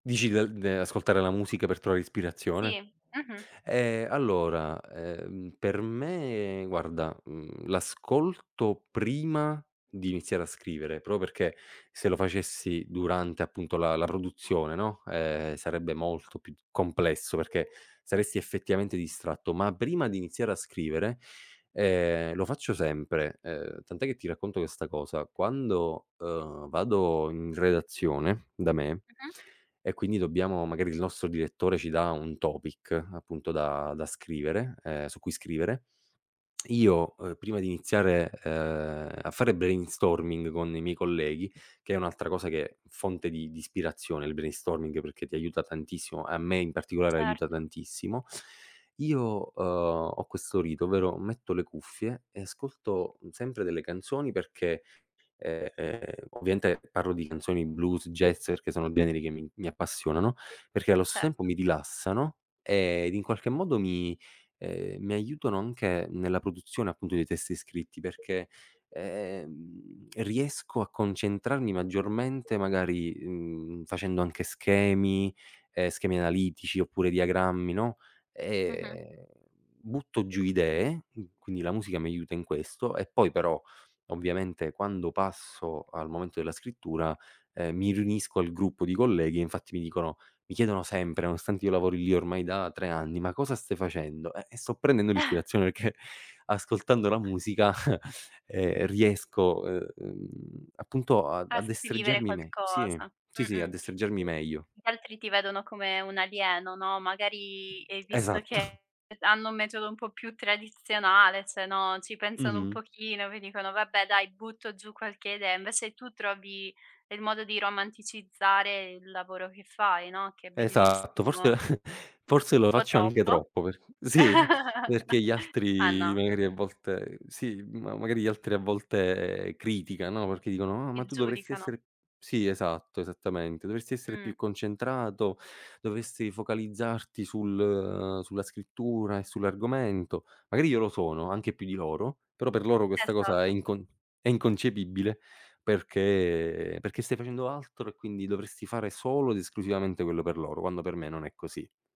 Dici dal de ascoltare la musica per trovare ispirazione? Sì. Mh-mh. Eh, allora, ehm, per me guarda, mhmm, l'ascolto prima di iniziare a scrivere, proprio perché se lo facessi durante appunto la la produzione, no, ehm, sarebbe molto più di complesso, perché saresti effettivamente distratto, ma prima di iniziare a scrivere, ehm, lo faccio sempre. Uhm, tant'è che ti racconto questa cosa, quando, uhm, vado in redazione da me Mh-mh. e quindi dobbiamo magari il nostro direttore ci dà un topic appunto da da scrivere ehm, su cui scrivere, io prima di iniziare, uhm, a fare brainstorming con i miei colleghi, che è un'altra cosa che fonte di di ispirazione il brainstorming perché ti aiuta tantissimo, a me in particolare aiuta Certo. tantissimo. Io, uhm, ho questo rito, ovvero metto le cuffie e ascolto sempre delle canzoni perché, ehm ehm ovviamente parlo di canzoni blues, jazz perché sono generi che mi mi appassionano, perché allo stesso tempo Certo. mi rilassano ed in qualche modo mi, uhm, mi aiutano anche nella produzione appunto dei testi scritti perché, ehm, riesco a concentrarmi maggiormente magari, mhmm, facendo anche schemi, ehm, schemi analitici oppure diagrammi, no, Mh-mh. ehm, butto giù idee. Qu quindi la musica mi aiuta in questo e poi però ovviamente quando passo al momento della scrittura, ehm, mi riunisco al gruppo di colleghi e infatti mi dicono mi chiedono sempre, nonostante io lavori lì ormai da 3 anni: "Ma cosa stai facendo?" "Eh, sto prendendo l'ispirazione, perché ascoltando la musica, ehm riesco, uhm, appunto a A a scrivere destreggiarmi me" sì, qualcosa. sì, sì, "A Mh-mh. destreggiarmi meglio". Gli altri ti vedono come un alieno, no, magari e visto Esatto. che hanno un metodo un po' più tradizionale, cioè, no, ci pensano un Mh-mh. pochino, poi dicono vabbè dai butto giù qualche idea, invece tu trovi il modo di romanticizzare il lavoro che fai, no, che è Esatto bellissimo. forse forse lo Un po' faccio anche troppo? troppo per sì perché gli Ma altri no. magari a volte sì, ma magari gli altri a volte criticano, no, perché dicono: "Ah Ti ma tu dovresti giudicano. essere" sì esatto, esattamente, "dovresti essere Mh. più concentrato, dovresti focalizzarti sul sulla scrittura e sull'argomento". Magari io lo sono anche più di loro, però per loro questa cosa è Esatto. incon è inconcepibile perché perché stai facendo altro e quindi dovresti fare solo ed esclusivamente quello per loro, quando per me non è così.